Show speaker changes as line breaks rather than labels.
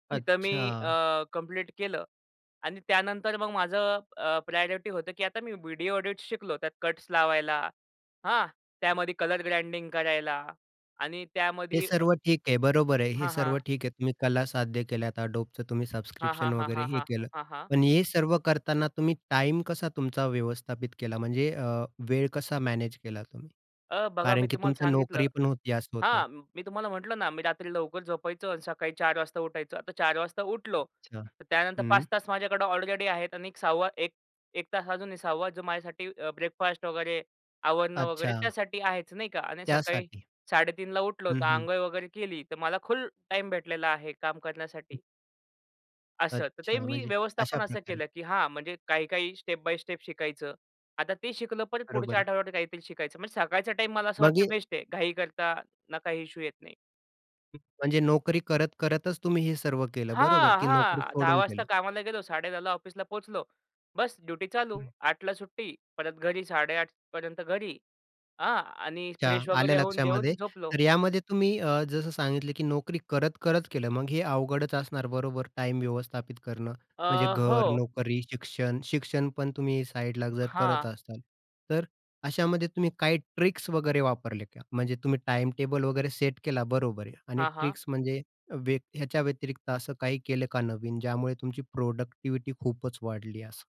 तिथं मी
अच्छा.
अ, कंप्लीट केलं. आणि त्यानंतर मग माझं अ, प्रायोरिटी होतं की आता मी व्हिडिओ एडिटस शिकलो त्यात कट्स लावायला. हां त्यामध्ये कलर ग्रँडिंग करायला आणि
हे
त्यामध्ये अ,
सर्व ठीक आहे. बरोबर आहे. हे
हां,
सर्व
हां.
ठीक आहे. तुम्ही कला साध्य केल्या Adobeच तुम्ही
हां, हां.
सबस्क्रिप्शन
हां,
वगैरे
हां.
हे
हां.
केलं.
हां, हां.
पण हे सर्व करतांना तुम्ही टाईम कसा तुमचा व्यवस्थापित केला? म्हणजे वेळ कसा मॅनेज केला तुम्ही?
अ, बघा
कारण
मी
की
तुम्हाला
तुमच्या
सांगितलं.
नोकरी पण होती असं होतं.
हां, मी तुम्हाला म्हटलं ना मी रात्री लवकर झोपायचो. आणि सकाळी 4:00 वाजता उठायचो. आता 4:00 वाजता उठलो,
अच्छा.
तर त्यानंतर
हं.
5:00 तास माझ्याकडं ऑलरेडी आहेत. आणि एक 6वा एक 1 तास अजूनही 6वा जो माझ्यासाठी ब्रेकफास्ट वगैरे, आवरणं वगैरे,
अच्छा.
त्यासाठी आहेचं नाही का. आणि सकाळी
त्यासाठी.
3:30ला उठलो
हं,
तर,
हं.
अंघोळ वगैरे केली तर, मला फुल टाईम भेटलेला आहे काम करण्यासाठी. असं. तर
अच्छा.
ते मी
म्हणजे अशा
व्यवस्थापन असं
प्रकारे.
केलं की हां, म्हणजे काही काही स्टेप बाय स्टेप शिकायचं. आता ते शिकलं परत पुढच्या
बरोबर.
आठवड्यावर काहीतरी शिकायचं. म्हणजे सकाळचा टाईम मला असं
मग
वाटत
हे
बेस्ट आहे. घाई करता, ना काही इश्यू येत नाही.
हं. म्हणजे नोकरी करत, करतच तुम्ही हे सर्व केलं बरोबर,
हां,
की नोकरी
हां. 10:00
सोडून
वाजता
केलं?
कामाला गेलो. 10:30ला ऑफिसला पोहचलो. बस ड्युटी चालू.
हं.
8:00 ला सुट्टी, परत घरी 8:30 पर्यंत घरी. आ, आणि
अच्छा,
फ्रेश
आलं
वगैरे होऊन
लक्षामध्ये.
जेवण झोपलो.
तर यामध्ये तुम्ही अ, जसं सांगितलं की नोकरी करत-करत केलं. मग हे अवघडच असणार बरोबर टाईम व्यवस्थापित करणं. म्हणजे
अ,
घर,
हो.
नोकरी, शिक्षण. शिक्षण पण तुम्ही साइडला जर करत
हां.
असाल. तर अशामध्ये तुम्ही काही ट्रिक्स वगैरे वापरले का? म्हणजे तुम्ही टाईम टेबल वगैरे सेट केला बरोबर आहे. आणि
हां, हां.
ट्रिक्स म्हणजे व्यत ह्याच्या व्यतिरिक्त असं काही केलं का नवीन, ज्यामुळे तुमची प्रॉडक्टिव्हिटी खूपच वाढली असं?